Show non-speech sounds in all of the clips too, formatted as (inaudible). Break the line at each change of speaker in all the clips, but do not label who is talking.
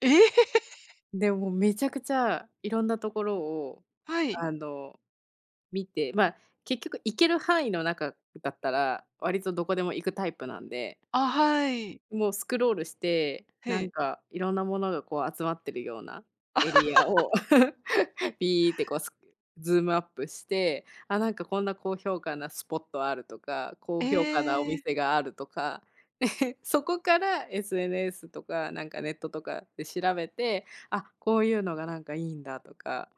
ええ。(laughs)
でも、めちゃくちゃいろんなところを、
はい。
あの、見て、まあ、結局行ける範囲の中だったら、割とどこでも行くタイプなんで。
あ、はい。
もうスクロールして、
へ
な
え。
んか、いろんなものが、こう、集まってるようなエリア
(laughs)
を、(chuckles) ピーってこうスクズームアップして、あ、なんか、こんな高評価なスポットあるとか、
え
高評価なお
え。
店があるとか、(chuckles) そこから、SNS とか、なんか、ネットとかで調べて、あ、こういうのが、なんか、いいんだとか。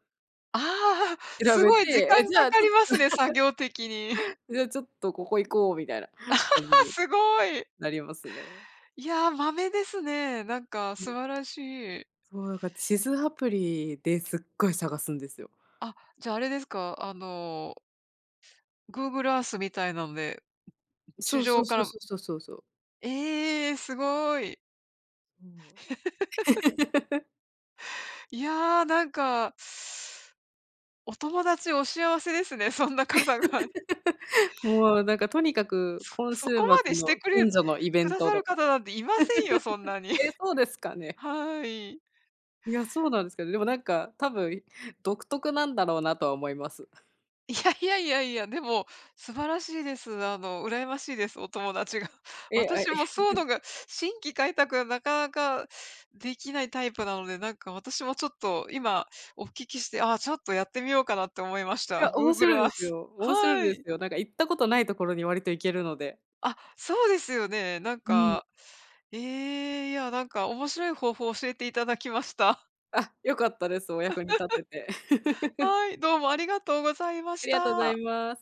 ああ、
調
す
べ
ごい時
て、
間
え、じ
か
ゃあ、
か
ちょっ
り
と
ますね、作業的に。
(chuckles) じゃあ、ちょっと、ここ行こうみたいな感じ
(laughs)
に
すごい。
なりますね。
いや、マメですね、なんか
う
素
ん。
晴らしい。
そう、なんか、地図アプリですっごい探すんですよ。
あ、じゃ、あれですか、あの Google アースみたいなので、
ん、そ
地
うそ
上
う
か
そう
ら
そうそうそうそう。
ええ、すごい。
そう。
(laughs)
(laughs)
いや、なんかお友達お幸せですね、そんな方が。
(laughs) もう、なんか、とにかく、
そ
今
そ
週末
こまでして
の
くれ
近
く
所のイベン
だ
ト
さ
と
る
か。
方なんていませんよ、そんなに。
(laughs) ええ、そうですか
(chuckles)
ね。
はい。
いや、そうなんすけど、でも、なんか、多分、い独特なんだろうなとは思います。
いやいやいやいや、でも、素晴らしいです。あの、羨ましいです、お友達が。
え、あ、いや。
私もそうの
(chuckles)
が、新規開拓がなかなか出来ないタイプなので、何か私もちょっと今、お聞きして、ああちょっとやってみようかなと思いまし
い
た。
や、面
Google
白い
ア
で
ー
す
ス、
よ。面白い
は
です
い。
よ。なんか、行ったことない所に割と行けるので。
あ、そうですよね。なん
うん。
か、ええ、いや、なんか、面白い方法を教えていただきました。
あ、良かったです、お役に立てて。
(chuckles)
(chuckles)
はい、どうもありがとうございま
あ
し
りがとうござい
た。
ます。